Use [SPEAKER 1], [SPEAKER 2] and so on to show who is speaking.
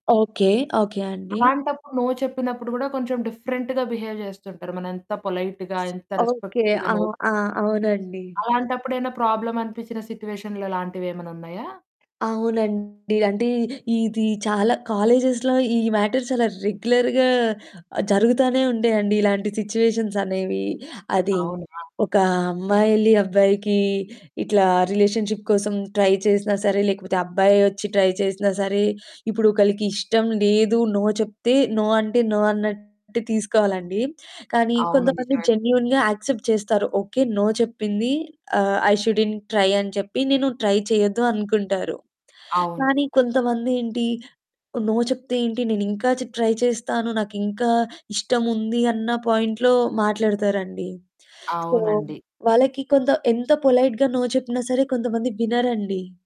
[SPEAKER 1] Okay. Okay అండి.
[SPEAKER 2] అలాంటప్పుడు no చెప్పినప్పుడు గూడా కొంచెం డిఫరెంట్‌గా బిహేవ్ జేస్తుంటారు. మనెంత పొలైట్‌గా, ఎంత
[SPEAKER 1] ఓకే.
[SPEAKER 2] రెస్పెక్టబుల్‌గా
[SPEAKER 1] ఆ!
[SPEAKER 2] నో చెప్పినా.
[SPEAKER 1] ఆ! అవునండి.
[SPEAKER 2] అలాంటప్పుడు ఏవన్నా ప్రాబ్లమ్ అనిపిచ్చిన సిచ్యువేషన్‌లా లాంటివేమన్నా ఉన్నాయా?
[SPEAKER 1] అవునండి. అంటే ఇది చాలా కాలేజెస్‌లో ఈ మ్యాటర్స్ చాలా రెగ్యులర్‌గా ఆహ్, జరుగుతానే ఉండే అండి ఇలాంటి సిచ్యువేషన్స్ అనేవి. అది
[SPEAKER 2] అవునా?
[SPEAKER 1] ఒక అమ్మాయెల్లి, అబ్బాయికి ఇట్లా రిలేషన్‌షిప్ కోసం ట్రై చేసినా సరే, లేకపోతే అబ్బాయే ఒచ్చి ట్రై చేసినా సరే, ఇప్పుడు ఒకళ్ళకి ఇష్టం లేదు, నో చెప్తే నో. అంటే, నో అన్నట్టు తీసుకోవాలండి. కానీ,
[SPEAKER 2] అవును.
[SPEAKER 1] కొంతమంది
[SPEAKER 2] నిజమే.
[SPEAKER 1] జెన్యూన్‌గా యాక్సెప్ట్ చేస్తారు. ఓకే. నో చెప్పింది. ఆహ్, ఐ షుడంట్ ట్రై అని చెప్పి, నేను ట్రై చేయొద్దు అనుకుంటారు.
[SPEAKER 2] అవును.
[SPEAKER 1] కానీ, కొంతమందేంటి నో చెప్తే ఏంటి నేనింకా చెప్పి ట్రై చేస్తాను, నాకింకా ఇష్టముంది అన్నా పాయింట్‌లో మాట్లాడతారండి. సో,
[SPEAKER 2] అవునండి.
[SPEAKER 1] వాళ్ళకి కొంత ఎంత పొలైట్‌గా నో చెప్పినా సరే కొంతమంది వినరండి.